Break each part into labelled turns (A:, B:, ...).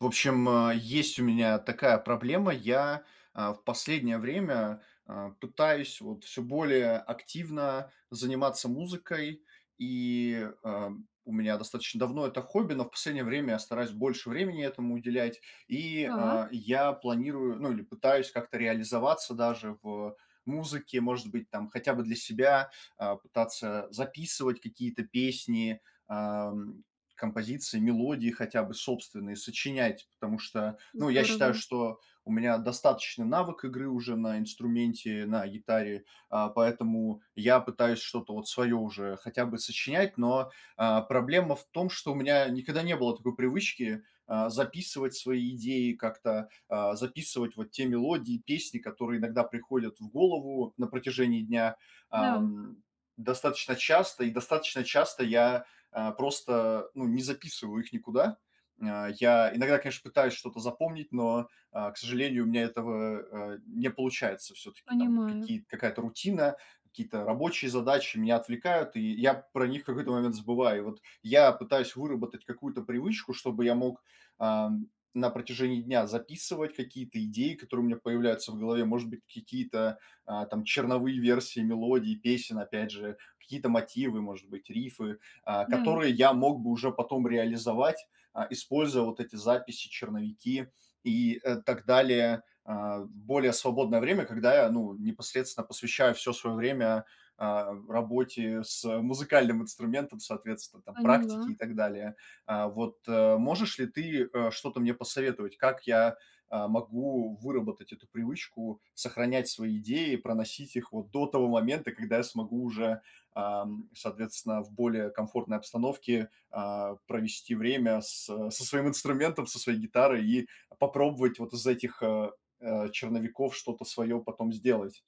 A: В общем, а, есть у меня такая проблема: я, а, в последнее время, а, пытаюсь вот всё более активно заниматься музыкой, и, а, м, у меня достаточно давно это хобби, но в последнее время я стараюсь больше времени этому уделять, и,
B: Так.
A: а, я планирую, ну, или пытаюсь как-то реализоваться даже в, э, музыке, может быть, там, хотя бы для себя, а, пытаться записывать какие-то песни, ам, композиции, мелодии, хотя бы собственные, сочинять, потому что, ну, я считаю,
B: Здорово!
A: что у меня достаточный навык игры уже на инструменте, на гитаре, а, поэтому я пытаюсь что-то вот свое уже хотя бы сочинять, но, а, проблема в том, что у меня никогда не было такой привычки, а, записывать свои идеи как-то, а, записывать вот те мелодии, песни, которые иногда приходят в голову на протяжении дня,
B: Да.
A: ам, достаточно часто, и достаточно часто я, а, просто, ну, не записываю их никуда. М, а, я иногда, конечно, пытаюсь что-то запомнить, но, а, к сожалению, у меня этого, э, не получается, всё-таки, там
B: Понимаю.
A: какие-то какая-то рутина, какие-то рабочие задачи меня отвлекают, и я про них в какой-то момент забываю. Вот я пытаюсь выработать какую-то привычку, чтобы я мог, ам, на протяжении дня записывать какие-то идеи, которые у меня появляются в голове, может быть, какие-то, а, там черновые версии мелодий, песен опять же, какие-то мотивы, может быть, рифы, а,
B: Да.
A: которые я мог бы уже потом реализовать, а, используя вот эти записи, черновики и, э, так далее. А, в более свободное время, когда я, ну, непосредственно посвящаю всё свое время, а, работе с, э, музыкальным инструментом, соответственно там практике,
B: Поняла.
A: и так далее. А, вот, э, можешь ли ты, э, что-то мне посоветовать, как я, а, могу выработать эту привычку сохранять свои идеи, проносить их вот до того момента, когда я смогу уже, ам, соответственно, в более комфортной обстановке, а, провести время с со своим инструментом, со своей гитарой и попробовать вот из этих, э, э, черновиков что-то свое потом сделать.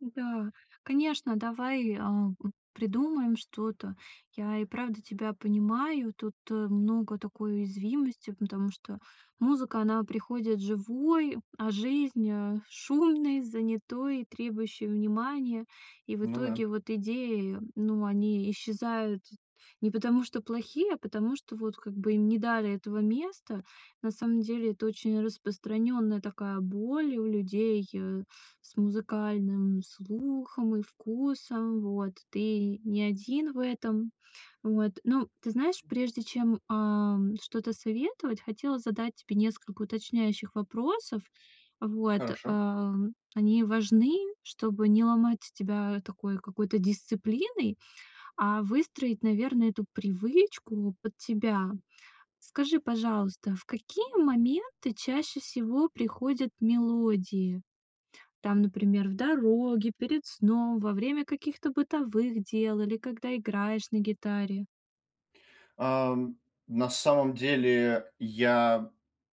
B: Да, конечно, давай, а, п придумаем что-то. Я и правда тебя понимаю, тут, э, много такой уязвимости, потому что музыка она приходит живой, а, жизнь, а, шумной, занятой, требующей внимания. И в
A: Ну да.
B: итоге вот идеи, ну они исчезают т не потому что плохие, а потому что вот как бы им не дали этого места. На самом деле, это очень распространенная такая боль у людей, э, с музыкальным слухом и вкусом, вот ты не один в этом вот. Ну ты знаешь, прежде чем, ам, что-то советовать, хотела задать тебе несколько уточняющих вопросов. Вот,
A: Хорошо.
B: ам, они важны, чтобы не ломать тебя такой какой-то дисциплиной, а выстроить, наверно, эту привычку под тебя. Скажи, пожалуйста, в какие моменты чаще всего приходят мелодии? Там, например, в дороге, перед сном, во время каких-то бытовых дел или когда играешь на гитаре?
A: Ам, на самом деле, я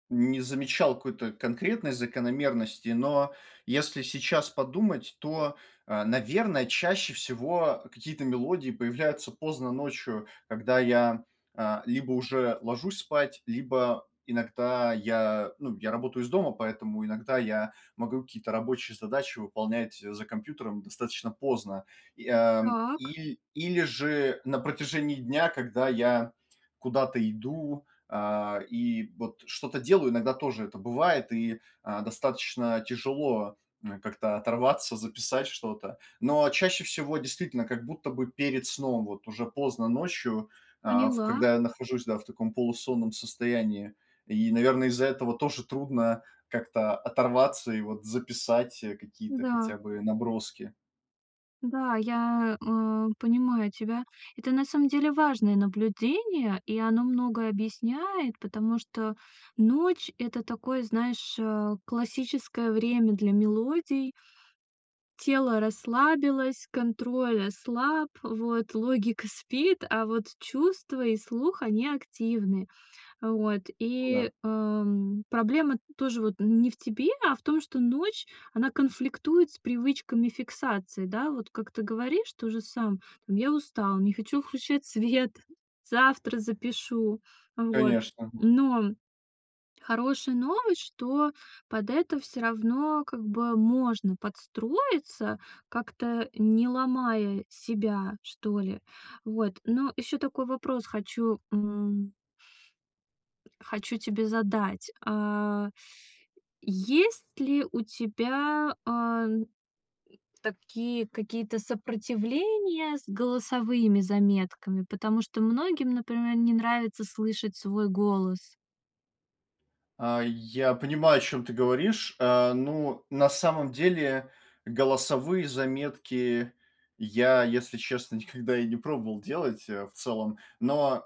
A: не замечал какой-то конкретной закономерности, но если сейчас подумать, то, а, наверно, чаще всего какие-то мелодии появляются поздно ночью, когда я, а, либо уже ложусь спать, либо иногда я, ну, я работаю из дома, поэтому иногда я могу какие-то рабочие задачи выполнять за компьютером достаточно поздно. И, а,
B: Так.
A: иль или же на протяжении дня, когда я куда-то иду, а, и вот что-то делаю, иногда тоже это бывает и, а, достаточно тяжело, а, как-то оторваться, записать что-то. Но чаще всего, действительно, как будто бы перед сном, вот уже поздно ночью, а, в
B: Поняла.
A: когда я нахожусь, да, в таком полусонном состоянии, и, наверно, из-за этого тоже трудно как-то оторваться, и вот записать, э, какие-то
B: Да.
A: хотя бы наброски.
B: Да, я, а, понимаю тебя, это, на самом деле, важное наблюдение, и оно многое объясняет, потому что ночь- это такое, знаешь, а, классическое время для мелодий. Тело расслабилось, контроль ослаб, вот логика спит, а вот чувства и слух они активны, вот.
A: Ну да.
B: И, ам, проблема тоже вот н не в тебе, а в том, что ночь- она конфликтует с привычками фиксации, да, вот как ты говоришь тоже сам: "Там я устал, не хочу включать свет, завтра запишу", вот.
A: Конечно, мгм.
B: Но хорошая новость, что под это всё равно как бы можно подстроиться, как-то, э, не ломая себя, что ли, вот. Но еще такой вопрос хочу м хочу тебе задать, а, есть ли у тебя, ам, такие какие-то сопротивления с голосовыми заметками, потому что многим, например, не нравится слышать свой голос.
A: А, я понимаю, о чем ты говоришь, а, ну, на самом деле, голосовые заметки я, если честно, никогда и не пробовал делать э, в целом, но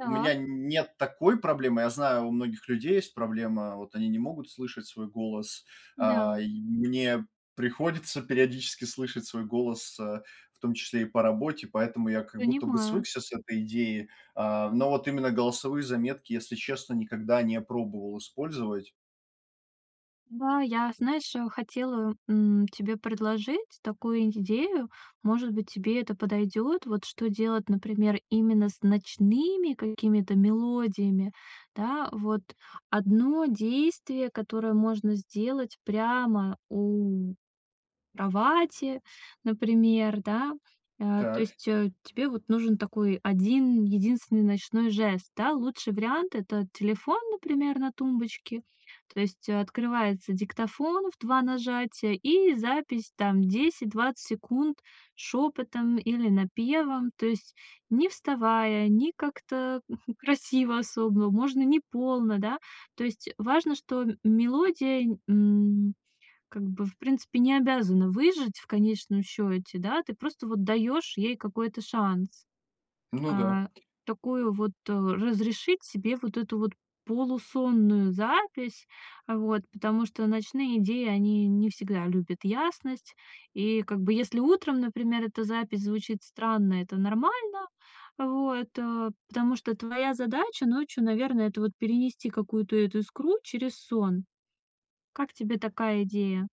A: у меня н нет такой проблемы, я знаю, у многих людей есть проблема, вот они не могут слышать свой голос, а,
B: Да.
A: и мне приходится периодически слышать свой голос, э, в том числе и по работе, поэтому я как будто бы
B: Понимаю.
A: свыкся с этой идеей. А, но вот именно голосовые заметки, если честно, никогда не пробовал использовать.
B: Да, я, знаешь, э, хотела, м, тебе предложить такую идею, может быть тебе это подойдет. Вот что делать, например, именно с ночными какими-то мелодиями, да. Вот 1 действие, которое можно сделать прямо у кровати, например, да, а, то
A: Так.
B: есть, э, тебе вот нужен такой 1 единственный ночной жест, да. Лучший вариант- это телефон, например, на тумбочке, то есть открывается диктофон в 2 нажатия и запись там 10-20 секунд шепотом, или напевом, то есть не вставая, не как-то, хм, красиво особо, можно не полно, да, то есть, э, важно, что, м мелодия, н м, как бы, в принципе, не обязана выжить в конечном счете, да, ты просто вот даешь ей какой-то шанс,
A: Ну да.
B: а, такую вот, э, разрешить себе вот эту вот полусонную запись, а, вот, потому что ночные идеи они не всегда любят ясность. И как бы если утром, например, эта запись звучит странно, это нормально, вот, а, потому что твоя задача ночью, наверное, это вот перенести какую-то эту искру через сон. Как тебе такая идея?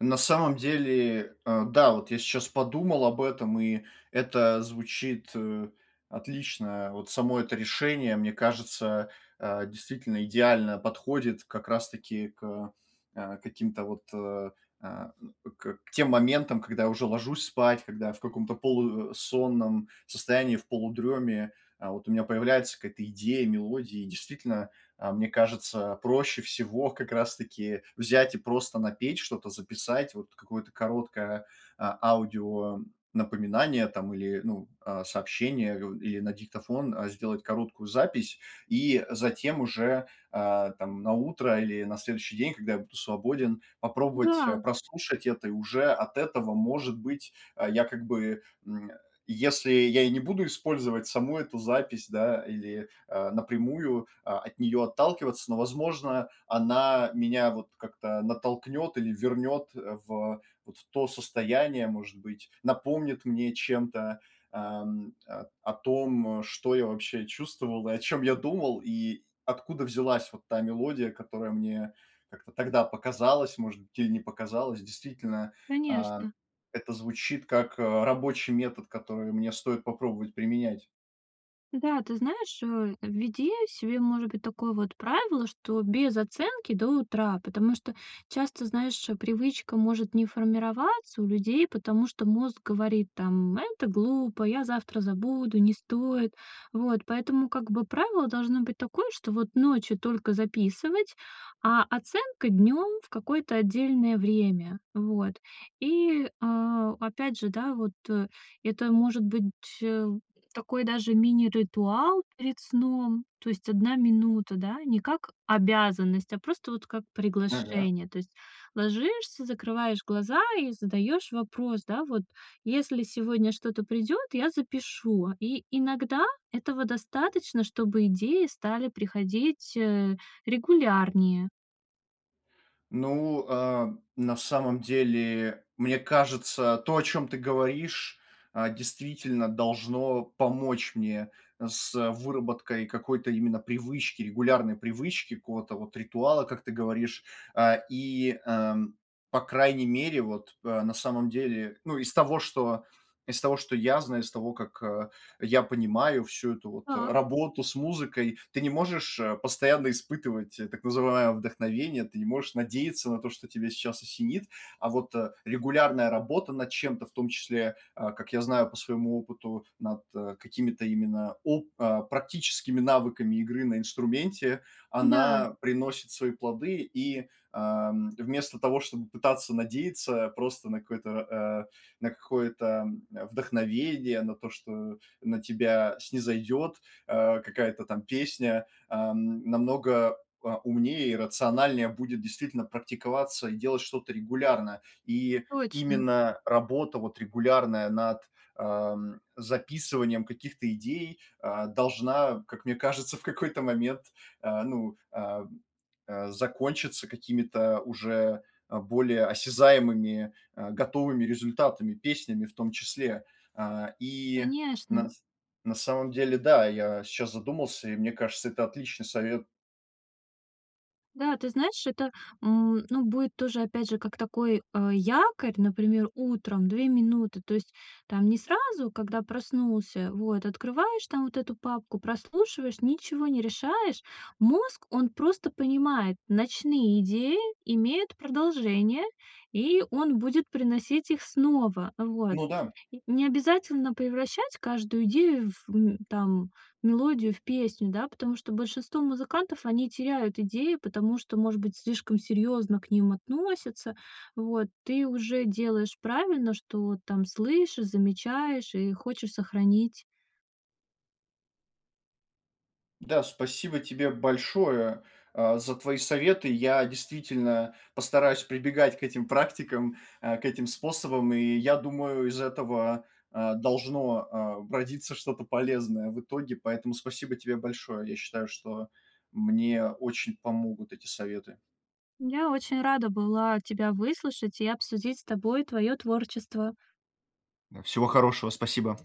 A: На самом деле, а, да, вот я щас подумал об этом и это звучит, э, отлично. А, вот само это решение, мне кажется, а, действительно идеально подходит как раз таки к, э, каким-то вот, э, а, э, к тем моментам, когда я уже ложусь спать, когда я в каком-то полу э, сонном состоянии, в полудреме, а, вот у меня появляется какая-то идея, мелодия, и действительно, а, мне кажется, проще всего, как раз таки, взять и просто напеть что-то, записать, вот какое-то короткое, а, аудио напоминание там, или, ну, а, сообщение, у или на диктофон, а, сделать короткую запись, и затем уже, а, там на утро или на следующий день, когда я буду свободен, попробовать, а,
B: Да!
A: прослушать это, и уже от этого, может быть, а, я как бы, м, э, если я и не буду использовать саму эту запись, да, или, а, напрямую, а, от нее отталкиваться, но возможно она меня вот как-то натолкнет, или вернет, э, в вот в то состояние, может быть, напомнит мне чем-то, ам, а, о том, э, что я вообще чувствовал, и о чем я думал, и откуда взялась вот та мелодия, которая мне как-то тогда показалась, может быть, или не показалось. Действительно, а,
B: Конечно.
A: это звучит как, э, рабочий метод, который мне стоит попробовать применять.
B: Да, ты знаешь, э, введи себе может быть такое вот правило, что без оценки до утра. Потому что часто, знаешь, э, привычка может не формироваться у людей, потому что мозг говорит там: "Это глупо, я завтра забуду, не стоит". Вот поэтому как бы правило должно быть такое, что вот ночью только записывать, а оценка днем в какое-то отдельное время. Вот. И, а, опять же, да, вот, э, это может быть, э, такой даже мини-ритуал перед сном. То есть 1 минута, да, не как обязанность, а просто вот как
A: Ага.
B: приглашение. То есть ложишься, закрываешь глаза и задаешь вопрос, да, вот: "Если сегодня что-то придет, я запишу",- и иногда этого достаточно, чтобы идеи стали приходить, э, регулярнее.
A: Ну, а, на самом деле, мне кажется, то о чем ты говоришь, а, действительно должно помочь мне, э, с, э, выработкой какой-то именно привычки, регулярной привычки, какого-то вот ритуала, как ты говоришь. А, и, а, по крайней мере, вот, э, на самом деле, ну из того что из того что я знаю, из того, как, э, я понимаю, всю эту вот, э,
B: Так.
A: работу с музыкой, ты не можешь, э, постоянно испытывать, так называемое вдохновение. Ты не можешь надеяться на то, что тебя сейчас осенит, а вот. Э, регулярная работа над чем-то, в том числе, а, как я знаю, по своему опыту, над, э, какими-то именно оп а практическими навыками игры на инструменте,
B: Да.
A: она приносит свои плоды. И, а, м, вместо того, чтобы пытаться надеяться, просто на какое-то р а, на какое-то, м, вдохновение, на то, что на тебя снизойдет, а, какая-то там песня, ам, намного, а, умнее и рациональнее будет действительно практиковаться и делать что-то регулярно. И
B: Точно!
A: именно работа, вот регулярная над, а, м, записыванием каких-то идей, а, должна, а, как мне кажется, в какой-то момент, а, ну, а, а, закончиться какими-то уже, а, более осязаемыми, э, готовыми результатами, песнями в том числе, а. И,
B: Конечно.
A: на с на самом деле, да, я сейчас задумался и мне кажется это отличный совет.
B: Да, ты знаешь, это, м, ну будет тоже опять же как такой, а, якорь, например, утром 2 минуты, то есть там не сразу, когда проснулся. Вот открываешь там вот эту папку, прослушиваешь, ничего не решаешь. Мозг он просто понимает, ночные идеи имеют продолжение, и он будет приносить их снова. Вот.
A: Ну да.
B: И не обязательно превращать каждую идею, в, м, там мелодию в песню, да. Потому что большинство музыкантов они теряют идеи, потому что может быть слишком серьезно к ним относятся. Вот ты уже делаешь правильно, что там слышишь, замечаешь и хочешь сохранить.
A: Да, спасибо тебе большое, а, за твои советы, я действительно постараюсь прибегать к этим практикам, а, к этим способам, и я думаю из этого, а, должно, а, родиться что-то полезное в итоге. Поэтому спасибо тебе большое! Я считаю, что мне очень помогут эти советы.
B: Я очень рада была тебя выслушать и обсудить с тобой твое творчество.
A: Да, всего хорошего! Спасибо!